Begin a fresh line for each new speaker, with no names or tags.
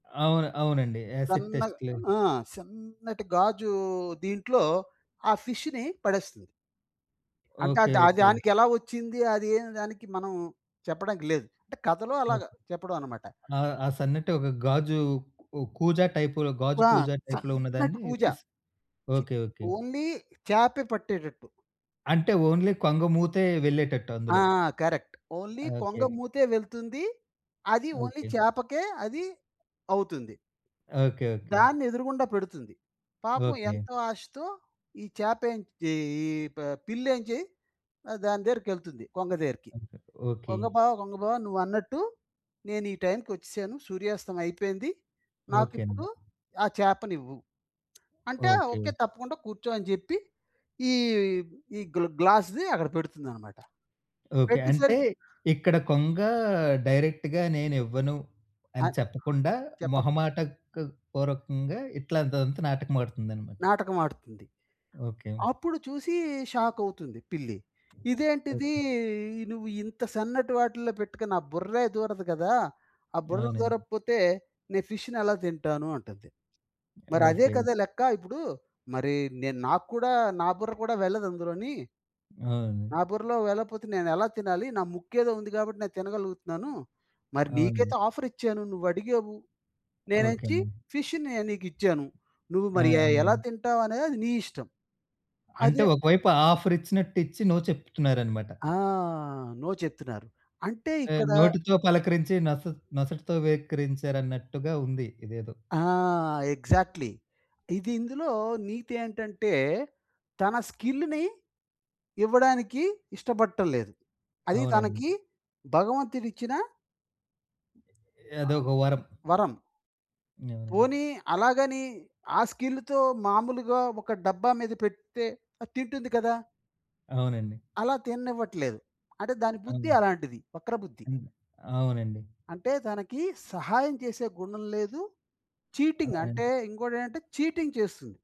అవును. అవునండి. యాసిడ్
సన్నగా
టెస్ట్‌లు.
ఆ! సన్నటి గాజూ దీంట్లో ఆ ఫిష్ష్‌ని పడేస్తుంది. అంటే,
ఓకే.
అదా
ఓకే.
దానికెలా ఒచ్చిందీ, అది ఏం దానికి మనం చెప్పడానికి లేదు. అంటే కథలో
ఓకే.
అలాగా చెప్పడవనమాట.
ఆహ్, ఆ సన్నటి ఒక గాజూ ఓ కూజా టైపులో, గాజు
ఆ!
కూజా టైప్‌లో
సన్నటి
ఉన్నదాన్నీ
కూజా.
ఫిస్
చి
ఓకే. ఓకే.
ఓన్లీ చా‌‌పే పట్టేటట్టు.
అంటే, ఓన్లీ కొంగమూతే వెళ్ళేటట్టు
ఆ!
అందులో.
కరక్ట్. ఓన్లీ
ఓకేకె.
కొంగమూతే వెళ్తుంది. అది ఓన్లీ
ఓకే.
చేపకే అది అవుతుంది.
ఓకే. ఓకే.
దాన్నెదురుగుండా పెడుతుంది. పాపం
ఓకే.
ఎంతో ఆశతో ఈ చాపేంచ్ ఈ ఈ ప పిల్లేంజి ఆహ్, దాని దేరికెళ్తుంది, కొంగ దేరికి.
ఆహా! ఓకే.
కొంగ బావ, కొంగ బావ నువ్వన్నట్టు నేను ఈ టైంకొచ్చెశాను, సూర్యాస్తమం అయిపోయింది.
ఓకే అండి.
నాకిప్పుడు ఆ చేపనివ్వు అంటే, ఓకే.
ఓకే.
తప్పకుండా. కూర్చో, అని జెప్పి, ఈ ఈ గ్ల గ్లాస్‌ది అక్కడ పెడుతుందనమాట.
ఓకే. అంటే,
పెట్టేసరికి
ఇక్కడ కొంగా డైరెక్ట్‌గా నేనివ్వను అని
అన్
చెప్పకుండా,
చెప్పక్
మొహమాటక్ పూర్వకంగా ఇట్లాంటిదంతా నాటకమాడుతుందనమాట.
నాటకమాడుతుంది.
ఓకే.
అప్పుడు చూసీ షాకవుతుంది పిల్లి. ఇదేంటిదీ
ఓకే.
ఇ నువ్వు ఇంత సన్నటి వాటిల్లో పెట్టుకుని నా బుర్రే దూరదు గదా! ఆ బుర్ర
అవునండి.
దూరకపోతే, నే ఫిష్‌ని ఎలా తింటాను, అంటది. మరదే
ఓకే.
కదా లెక్కా, ఇప్పుడూ మరీ నేను నాకు కూడా నా బుర్ర కూడా వెళ్ళదందులోని.
అవును.
నా బుర్రలో వెళ్ళపోతే నేనెలా తినాలి, నా ముక్కేదో ఉంది గాబట్టి నేను తినగలుగుతున్నాను. మరి
అవును.
నీకైతే ఆఫరిచ్చాను. నువ్వడిగావు,
ఓకే
నేనెచ్చి
అండి.
ఫిష్ష్‌నే నీకిచ్చాను. నువ్వు
ఆ!
మరి ఎ ఎలా
అవును.
తింటావనేది అది నీ ఇష్టం.
అంటే,
అదే
ఒకవైపు ఆఫరిచ్చినట్టిచ్చి, నో చెప్తున్నారనమాట.
ఆ! నో చెప్తున్నారు. అంటే
ఆ!
ఇక్కడ
నోటితో పలకరించి నొస నొసటితో వెక్కిరించారన్నట్టుగా ఉంది. ఇదేదో.
ఆ! ఎగ్జాక్ట్‌లీ. ఇది ఇందులో నీతి ఏంటంటే, తన స్కిల్ల్‌ని ఇవ్వడానికి ఇష్టబట్టల్లేదు. అది
అవునండి.
తనకీ భగవంతుడిచ్చిన... ఆహ్,
అదోక వరం.
వరం.
అవునండి.
పోనీ అలాగనీ, ఆ స్కిల్లుతో మాములుగా ఒక డబ్బా మీద పెడ్తే, అది తింటుంది కదా!
అవునండి.
అలా తిననివ్వట్లేదు. అంటే, దాని బుద్ధి
ఆ!
అలాంటిది, వక్ర బుద్ధి.
హ్మ్. అవునండి.
అంటే, తనకీ సహాయం చేసే గుణం లేదు, చీటింగ్.
అవునా!
అంటే, ఇంకోటేంటంటే చీటింగ్ చేస్తుంది.